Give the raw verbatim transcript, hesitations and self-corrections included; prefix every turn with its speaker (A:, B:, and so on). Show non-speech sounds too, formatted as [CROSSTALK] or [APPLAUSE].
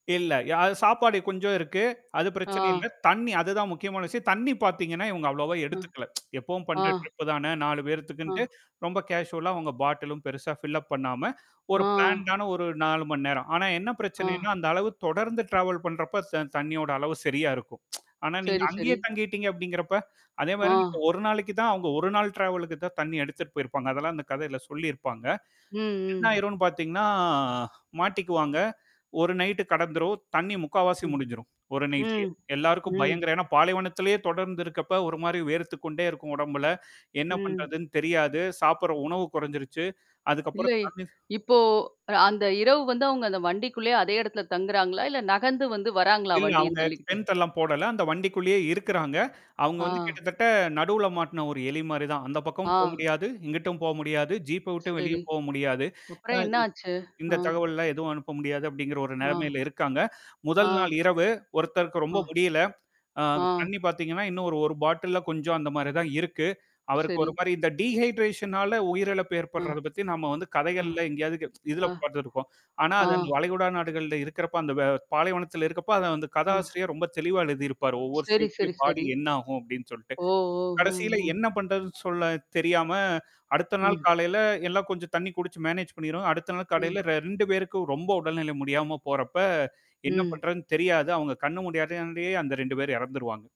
A: இல்ல, யா சாப்பாடு கொஞ்சம் இருக்கு. அது பிரச்சனை இல்ல.
B: ஆ.
A: தண்ணி, அது தான் முக்கியமான விஷயம். தண்ணி பார்த்தீங்கன்னா, இவங்க அவ்வளோவா
B: அ.
A: எடுத்துக்கல. [TSK] எப்பவும்
B: ஆ.
A: பண்றது தானே. நாலு
B: ஆ.
A: பேருத்துக்குன்ட்டு, ரொம்ப கேசுவலா உங்க பாட்டிலும் பெருசா ஃபில்லப் பண்ணாம ஒரு பிளாண்ட்
B: ஆ.
A: ஆன ஒரு நாலு மணி நேரம். ஆனா என்ன பிரச்சனைன்னா
B: ஆ.
A: அந்த அளவு தொடர்ந்து டிராவல் பண்றப்ப தண் தண்ணியோட அளவு சரியா இருக்கும். [TSK] ஆனா நீங்க
B: சரி, சரி.
A: அங்கேயே தங்கிட்டீங்க அப்படிங்கிறப்ப? அதே மாதிரி
B: ஆ.
A: ஒரு நாளைக்கு தான் அவங்க ஒரு நாள் டிராவலுக்கு தான் தண்ணி எடுத்துட்டு போயிருப்பாங்க. அதெல்லாம் அந்தக் கதையில சொல்லியிருப்பாங்க.
B: ம்.
A: என்ன
B: ம்.
A: ஆயிருன்னு பாத்தீங்கன்னா மாட்டிக்குவாங்க. ஒரு நைட் கடந்துரும். தண்ணி முக்காவாசி
B: ம்.
A: முடிஞ்சிரும். ஒரு நைட்லேயே.
B: ம்.
A: எல்லாருக்கும்
B: ம்.
A: பயங்கர, ஏன்னா பாலைவனத்திலேயே தொடர்ந்து இருக்கிறப்ப, ஒரு மாதிரி வேர்த்துக்கொண்டே இருக்கும் ஒடம்புல. என்ன
B: ம்.
A: பண்றதுன்னு தெரியாது. சாப்பிட்ற உணவு குறைஞ்சிருச்சு.
B: இல்ல,
A: அதுக்கப்புறம் தண்ணி
B: இப்போ அந்த இரவு வந்து அவங்க அந்த வண்டிக்குள்ளயே அதே இடத்துல தங்குறாங்களா? இல்ல நகர்ந்து வந்து வராங்களா
A: இல்ல
B: வண்டிய
A: அவங்க
B: தள்ளிக்கிட்டு?
A: டெண்ட் எல்லாம் போடல. அந்த வண்டிக்குள்ளேயே இருக்குறாங்க. அவங்க வந்து
B: ஆ.
A: கிட்டத்தட்ட நடுவுல மாட்டுன ஒரு எலி மாரி தான். அந்தப் பக்கம் போக
B: ஆ.
A: முடியாது. இங்கிட்டும் போக முடியாது. ஜீப் விட்டு வெளிய
B: சரி.
A: போக முடியாது. அ,
B: அப்புறம் என்ன
A: இ
B: ஆச்சு? ஆ.
A: இந்தத் தகவல்லாம் எதுவும் அனுப்ப முடியாது அப்படிங்கிற ஒரு
B: ஆ.
A: நிலைமையில இருக்காங்க. முதல்
B: ஆ.
A: நாள் இரவு ஒருத்தருக்கு ரொம்ப
B: ஆ.
A: முடியல. அ
B: ஆ.
A: தண்ணி பார்த்தீங்கன்னா இன்னொரு ஒரு பாட்டில்ல கொஞ்சம் அந்த மாரி தான் இருக்கு. அவருக்கு
B: சரி.
A: ஒரு மாரி இந்த டிஹைட்ரேஷனால உயிரிழப்பு
B: ஆ.
A: ஏற்பட்றது பத்தி நாம வந்து
B: ஆ.
A: கதைகள்ல எங்கேயாவது கே [TSK] இதுல
B: ஆ.
A: பாத்துருப்போம். ஆனா அது அந்த
B: ஆ.
A: வளைகுடா நாடுகளில் இருக்கிறப்ப, அந்த வெ பாலைவனத்துல இருக்கப்ப
B: ஆ.
A: கதாசிரியர் ரொம்ப தெளிவா எழுதியிருப்பாரு ஒவ்வொரு
B: சரி,
A: சீனுமே
B: சரி,
A: பாடி
B: சரி.
A: என்ன ஆகும் அப்படின்னு சொல்லிட்டு.
B: ஓ, ஓ. ம்,
A: கடைசியில
B: ம்.
A: என்ன பண்றது சொல்ல தெரியாம, அடுத்த நாள்
B: ம்.
A: காலைல எல்லாம் கொஞ்சம் தண்ணி குடிச்சு மேனேஜ் பண்ணிருவாங்க. அடுத்த நாள்
B: ம்.
A: கலைல ரெண்டு பேருக்கு ரொம்ப உடல்நிலை முடியாம போறப்ப, என்ன
B: ம்.
A: பண்றதுன்னு தெரியாது. அவங்க கண்ணு மூடியவுடனேயே அந்த ரெண்டு பேர் இறந்துருவாங்க.